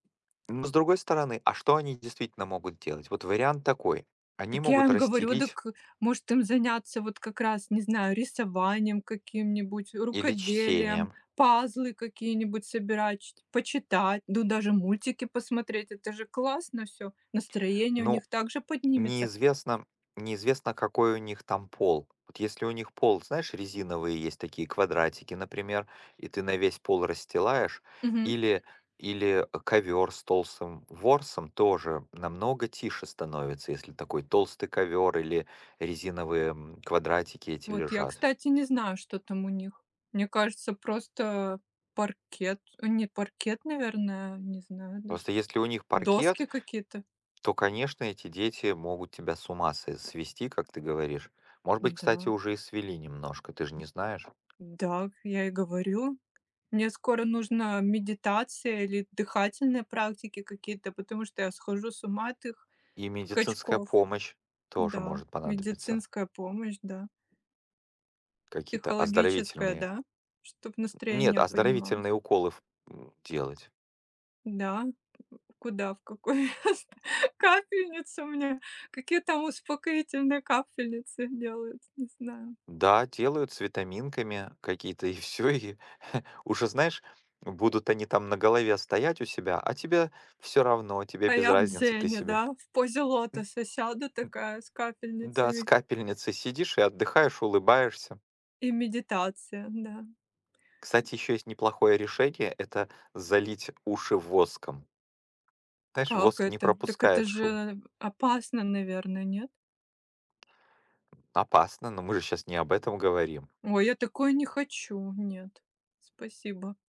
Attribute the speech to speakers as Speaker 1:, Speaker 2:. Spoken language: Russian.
Speaker 1: Ну, с другой стороны, а что они действительно могут делать? Вот вариант такой: они
Speaker 2: Так я
Speaker 1: могут
Speaker 2: им говорю:
Speaker 1: расстелить
Speaker 2: "Дак, может, им заняться, вот как раз, не знаю, рисованием каким-нибудь,
Speaker 1: Или
Speaker 2: рукоделием,
Speaker 1: чтением.
Speaker 2: пазлы какие-нибудь собирать, ч почитать, ну, даже мультики посмотреть". Это же классно всё, настроение у
Speaker 1: Ну,
Speaker 2: них также поднимется.
Speaker 1: неизвестно неизвестно, какой у них там пол. Вот если у них пол, знаешь, резиновые есть такие квадратики, например, и ты на весь пол расстилаешь,
Speaker 2: Мгм.
Speaker 1: или или ковёр с толстым ворсом тоже намного тише становится, если такой толстый ковёр или резиновые, м, квадратики эти
Speaker 2: Вот я,
Speaker 1: лежат.
Speaker 2: кстати, не знаю, что там у них. Мне кажется, просто паркет. Нет, паркет, наверное, не знаю даже.
Speaker 1: Просто если у них
Speaker 2: Доски
Speaker 1: паркет,
Speaker 2: какие-то.
Speaker 1: то, конечно, эти дети могут тебя с ума са свести, как ты говоришь. Может быть, кстати,
Speaker 2: Н-да.
Speaker 1: уже и свели немножко, ты же
Speaker 2: Д
Speaker 1: не знаешь?
Speaker 2: н дак я и говорю. Мне скоро нужна медитация или дыхательные практики какие-то, потому что я схожу с ума от их
Speaker 1: И медицинская
Speaker 2: скачков.
Speaker 1: помощь тоже
Speaker 2: Н-да.
Speaker 1: может понадобиться.
Speaker 2: Медицинская помощь, да.
Speaker 1: Какие-то
Speaker 2: Психологическая,
Speaker 1: оздоровительные.
Speaker 2: да? Чтоб
Speaker 1: Нет,
Speaker 2: настроение
Speaker 1: оздоровительные
Speaker 2: поднималось.
Speaker 1: уколы в м делать.
Speaker 2: Н-да. Куда, в какое место капельницу мне, какие там успокоительные капельницы делают, не знаю.
Speaker 1: Да, делают с витаминками какие-то, и всё, и уже знаешь, будут они там на голове стоять у себя, а тебе всё равно, тебе
Speaker 2: А
Speaker 1: без
Speaker 2: я в
Speaker 1: разницы, ты
Speaker 2: дзене, да,
Speaker 1: себе.
Speaker 2: в позе
Speaker 1: М
Speaker 2: лотоса сяду
Speaker 1: м
Speaker 2: такая с
Speaker 1: Да, с
Speaker 2: капельницами.
Speaker 1: капельницей сидишь и отдыхаешь, улыбаешься.
Speaker 2: И медитация, н-да.
Speaker 1: Кстати, ещё есть неплохое решение- это залить уши воском. Знаешь,
Speaker 2: Как
Speaker 1: воск не
Speaker 2: это? Так это
Speaker 1: пропускает
Speaker 2: же
Speaker 1: шум.
Speaker 2: н опасно, наверно, нет?
Speaker 1: Опасно, но мы же щас не об этом говорим.
Speaker 2: Ой, я такое не хочу. Нет, спасибо.